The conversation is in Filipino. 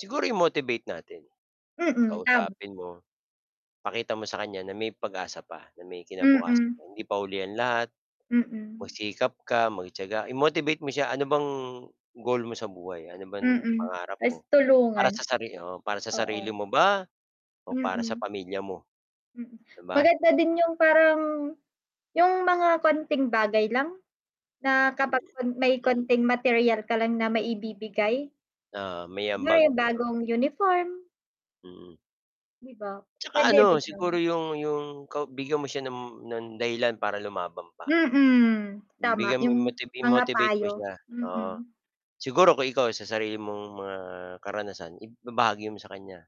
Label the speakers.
Speaker 1: Siguro i-motivate natin.
Speaker 2: Mm, tama.
Speaker 1: Kausapin mo. Pakita mo sa kanya na may pag-asa pa, na may kinabukasan.
Speaker 2: Mm.
Speaker 1: Hindi pa huli ang lahat,
Speaker 2: Mm.
Speaker 1: magsikap ka, magtiyaga, i-motivate mo siya. Ano bang goal mo sa buhay? Ano bang
Speaker 2: Mm.
Speaker 1: pangarap
Speaker 2: Ta's
Speaker 1: mo para sa
Speaker 2: tulungan.
Speaker 1: sari oo, para sa sarili
Speaker 2: Oo.
Speaker 1: mo ba o para sa
Speaker 2: Mm.
Speaker 1: pamilya mo?
Speaker 2: Mm.
Speaker 1: 'Di ba?
Speaker 2: Maganda din yung parang yung mga konting bagay lang na kapag may
Speaker 1: Mm.
Speaker 2: konting material ka lang na maibibigay.
Speaker 1: Oo, may
Speaker 2: Kunwari,
Speaker 1: ambag.
Speaker 2: yung
Speaker 1: Oo.
Speaker 2: bagong uniform.
Speaker 1: Mm.
Speaker 2: Di ba
Speaker 1: Tsaka
Speaker 2: pwede
Speaker 1: ano,
Speaker 2: rin yun?
Speaker 1: siguro 'yong 'yong ka bigyan mo siya ng ng dahilan para lumaban pa.
Speaker 2: Mm. Tama
Speaker 1: Bigyan mo
Speaker 2: yung
Speaker 1: i-motiv
Speaker 2: mga
Speaker 1: i-motivate mo
Speaker 2: payo,
Speaker 1: siya, oo.
Speaker 2: mm.
Speaker 1: Siguro kung ikaw, sa sarili mong mga karanasan ib ibabahagi mo sa kanya.